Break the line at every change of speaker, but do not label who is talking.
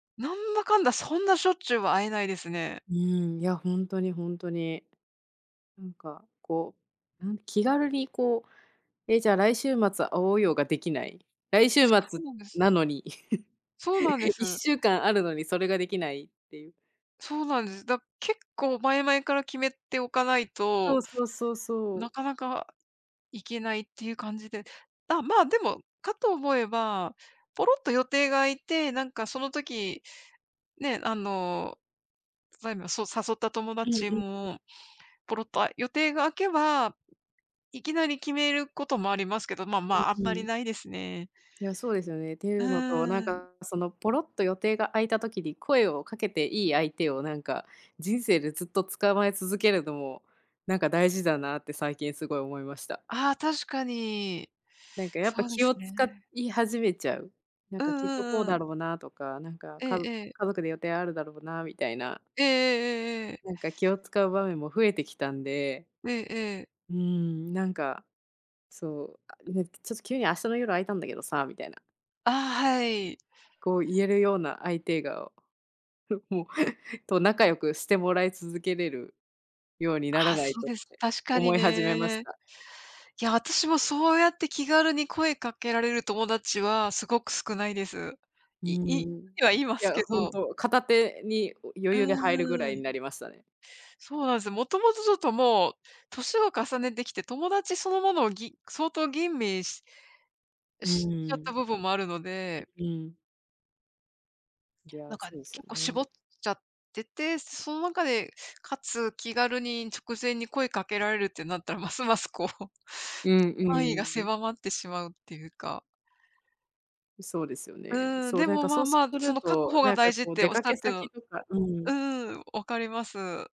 なんだかんだ、そんなしょっちゅうは会えないですね。
うん、いや、ほんとにほんとに。なんか、こう、うん、気軽にこう「え、じゃ来週末会おうよ」ができない。来週
つか
末
うんです。
なのに。
そうなんで
いっ
す。
しゅうかんあるのにそれができないっていう。
そうなんです。だ結構前々から決めておかない
そ
と、
うそうそうそ
な
う。
かなか、行けないっていう感じで。だ、まあ、でも、かと思えば、ぽろっと予定が空いて、なんかその時、ね、あの、ばいま、そう誘った友
うんう
達
んうん。
もぽろっとあ、予定が空けば、いきなり決めることもありますけど。ままあ、あん
うん
ま
う
り
ん。
ないですね。
いや、そうですよね、ってい
う
うのと。なん
ーん。
かそのぽろっと予定が空いた時に、声をかけていい相手をなんか、人生でずっと捕まえ続けるのも、なんか大事だなって最近すごい思いました。
ああ、確かに。
なんかやっぱ
そうで
気
す
を
ね。
使い始めちゃう。なん
う
か
ん
きっとこう
うんう
だ
ん。
ろうなとか、なんか、
ええ
かぞ
ええ。
家族で予定あるだろうなみたいな。
ええええええええ。
なんか気を使う場面も増えてきたんで。
ええええ。
うん、なんか、そう「あ、ね、ちょっと急に明日の夜空いたんだけどさ」みたいな。
ああ、はい。
こう言えるような相手が、おふ、もう、と仲良くしてもらい続けれるように、な
あ
ら
あ、
ない
そう
とっ
です。
て
確かに
思い始めまし
ね。い
た。
や、私もそうやって気軽に声かけられる友達は、すごく少ないです。
う
いい
ん。
てはいま
い
す
や、
け
本
ど。
当、片手に、お
う
余裕で入るぐら
ー
い
ん。
になりましたね。
そうなんすよ。もともとちょっともう、歳を重ねてきて、友達そのものをぎ相当吟味し
う
しちゃった
ん。
部分もあるの
う
で。
うん。いや、
なんか
そうですよ
結構
ね。
絞っちゃってて。その中で、かつ気軽に、直前に声かけられるってなったら、ますますこう。
うん
範囲が
うん。
狭まってしまうっていうか。
そうですよね。
うん、
そう、
で
なん
も
か
ま
そ
あ
うす
まあ、そ
る
の確
と、
保が
なんか
大事っ
こう
て
出
おっし
か
ゃっ
け
てる
先
の
とかうん。
うんうん、分かります。